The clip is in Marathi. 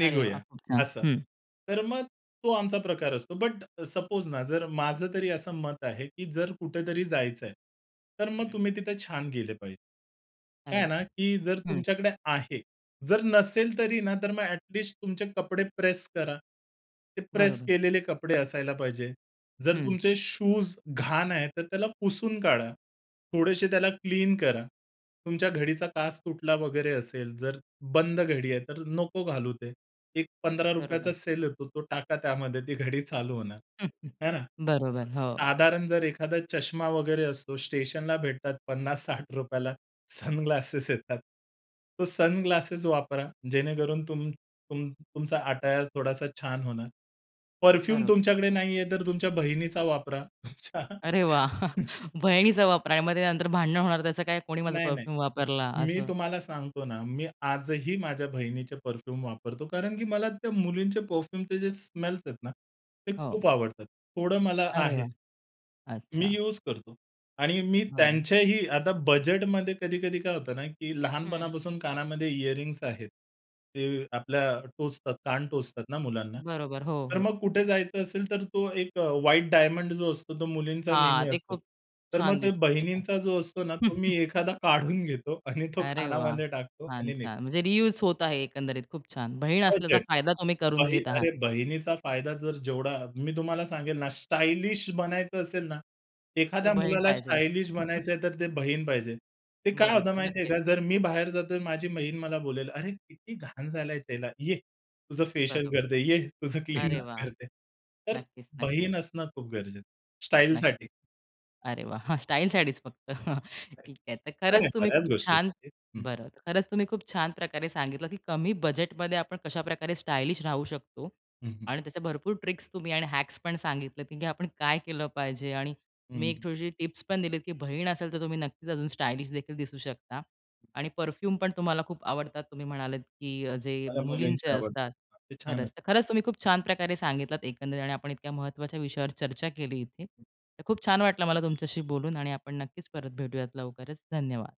अरे वाह! खूप छान, असं. हं. तर मग तो आमचा प्रकार असतो. बट सपोज ना, जर माझं तरी असं मत आहे, की जर कुठेतरी जायचंय, तर मग हं. तुम्ही तिथे छान गेले पाहिजे. काय अरे आहे ना, वाहा! की जर हं. तुमच्याकडे आहे. जर नसेल तरी ना, तर मग अ‍ॅट लिस्ट तुमचे कपडे प्रेस करा. ते प्रेस बरोबर. केलेले कपडे असायला पाहिजे. जर हं. तुमचे शूज घाण आहे तर त्याला पुसून काढा. थोडेशे त्याला क्लीन करा. तुमच्या घडीचा काच तुटला वगैरे असेल जर बंद घडी आहे तर नको घालू ते. एक पंधरा बरोबर. रुपयाचा सेल येतो तो टाका त्यामध्ये ती घडी चालू होणार है ना. बरोबर. हो. साधारण जर एखादा चष्मा वगैरे असतो, स्टेशनला भेटतात ₹50-60 सनग्लासेस येतात. तो सनग्लासेस वापरा. जेणेकरून तुम तुम तुमचा अटायर थोडासा छान होणार. परफ्यूम बरोबर. तुमच्याकडे नाहीये तर तुमच्या बहिणीचा वापरा. अच्छा अरे वाह! बहिणीचा वापर आहे. मग नंतर भांडनं होणार त्याचं काय, कोणी माझा नाही, नाही. परफ्यूम वापरला मी असं? तुम्हाला सांगतो ना, मी आजही माझ्या बहिणीचे परफ्यूम वापरतो कारण की मला त्या मुलींचे परफ्यूमचे जे स्मेल्स आहेत ना, ते हो. खूप आवडतात. थोडं मला अरे वाह! आहे. मी अच्छा. युज करतो. आणि मी बरं. त्यांच्याही आता बजेटमध्ये कधी-कधी काय होतं ना, की हं, हं. लहानपणापासून कानामध्ये इयरिंग्स आहेत. ते आपल्या टोचतात कान टोचतात ना, मुलांना. बरोबर. हो, तर हो. मग कुठे जायचं असेल, तर तो एक अ, व्हाईट डायमंड जो असतो तो मुलींचा हां, नेहमी ते असतो. खूप तर मग छान ते दिसतात ते पण. बहिणींचा जो असतो ना, तो मी एखादा काढून घेतो आणि तो अरे, वाह! कानामध्ये टाकतो आणि निघतो. छान-छान म्हणजे रियुज होत आहे. एकंदरीत, खूप छान बहीण असल्याचा बजेट. फायदा तुम्ही करून बही घेत आहात. अरे, बहिणीचा फायदा जर जेवढा मी तुम्हाला सांगेल ना, स्टायलिश बनायचं असेल ना, तर एखाद्या बहीण मुलाला पाहिजे. स्टायलिश बनायचंय, तर ते बहीण पाहिजे. ते काय होतं बरोबर, माहिती आहे नक्कीच. का, जर मी बाहेर जातोय, तर माझी बहीण मला बोलेल, "अरे, किती घाण झालाय त्याला ये तुझं फेशियल बरोबर, करते, ये तुझं अरे क्लीनर वाह! करते." तर नक्कीच, नक्कीच. बहीण असणं खूप गरजेचं नक्की. स्टाईलसाठी. अरे, वाह! स्टाईलसाठीच फक्त नाही, ठीक आहे. तर नाही खरंच तुम्ही खूप बऱ्याच छान गोष्टींसाठी, हं. बरं, खरंच तुम्ही खूप छान प्रकारे सांगितलं, की कमी बजेटमध्ये आपण कशाप्रकारे स्टायलिश राहू शकतो हं, हं. आणि त्याचे भरपूर ट्रिक्स तुम्ही आणि हॅक्स पण सांगितले, की आपण काय केलं पाहिजे. आणि तुम्ही एक हं. छोटीशी टिप्स पण दिलीत, की बहीण असेल, तर तुम्ही नक्कीच अजून स्टायलिशदेखील दिसू शकता. आणि परफ्यूम पण तुम्हाला खूप आवडतात. तुम्ही म्हणालात, की अ, जे मला मुलींचे मुलींचे असतात. आवडतात. ते छान असतात. खरंच, खरंच तुम्ही खूप छान प्रकारे सांगितलात एकंदरीत आणि आपण इतक्या महत्त्वाच्या विषयावर चर्चा केली इथे. तर खूप छान वाटलं मला तुमच्याशी बोलून आणि आपण नक्कीच परत भेटूयात लवकरच. धन्यवाद.